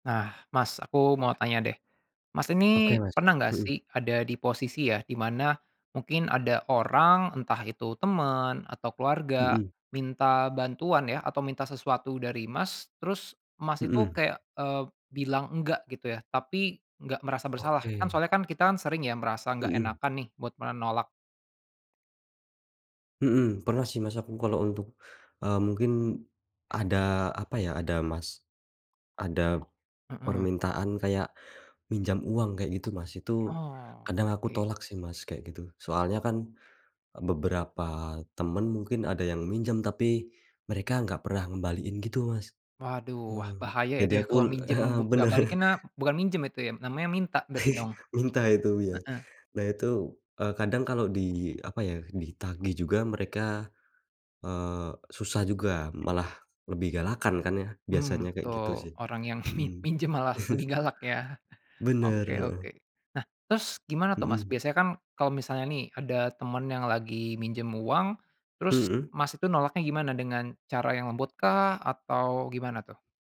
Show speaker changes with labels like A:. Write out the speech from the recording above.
A: Nah, Mas, aku mau tanya deh. Mas ini
B: Oke, Mas.
A: pernah nggak
B: Mhm.
A: sih ada di posisi ya, di mana mungkin ada orang entah itu teman, atau keluarga,
B: Mhm.
A: minta bantuan ya atau minta sesuatu dari Mas, terus Mas itu
B: Mhm.
A: kayak, eee, bilang enggak gitu ya, tapi nggak merasa bersalah. Kan
B: Oke.
A: soalnya kan kita sering ya merasa nggak
B: Mhm.
A: enakan nih, buat menolak.
B: Mhm, pernah sih Mas aku kalau untuk, eee, mungkin ada apa ya, ada Mas, ada
A: Mhm.
B: permintaan kayak, pinjam uang kayak gitu Mas. Itu,
A: Oh,
B: kadang aku
A: oke.
B: tolak sih Mas, kayak gitu. Soalnya kan, beberapa teman mungkin ada yang minjem, tapi mereka nggak pernah ngembaliin gitu, Mas.
A: Waduh, wah
B: Mhm.
A: bahaya itu
B: Jadi
A: ya
B: aku
A: kalau minjem
B: heeh,
A: buk nggak
B: benar.
A: balik, karena bukan minjem itu ya, namanya minta berarti dong.
B: Minta itu, iya.
A: Heeh.
B: Nah itu, eee, kadang kalau di apa ya, ditagih juga mereka, eee, susah juga. Malah, lebih galakan kan ya biasanya,
A: Mhm,
B: kayak gitu
A: betul.
B: sih.
A: Orang yang mi
B: Mhm.
A: minjem malah lebih galak ya?
B: Benar,
A: Oke oke.
B: heeh.
A: Nah, terus gimana tuh Mas,
B: Hmm.
A: biasanya kan kalau misalnya nih ada teman yang lagi minjem uang, terus
B: Hmm.
A: Mas itu nolaknya gimana, dengan cara yang lembut kah atau gimana tuh?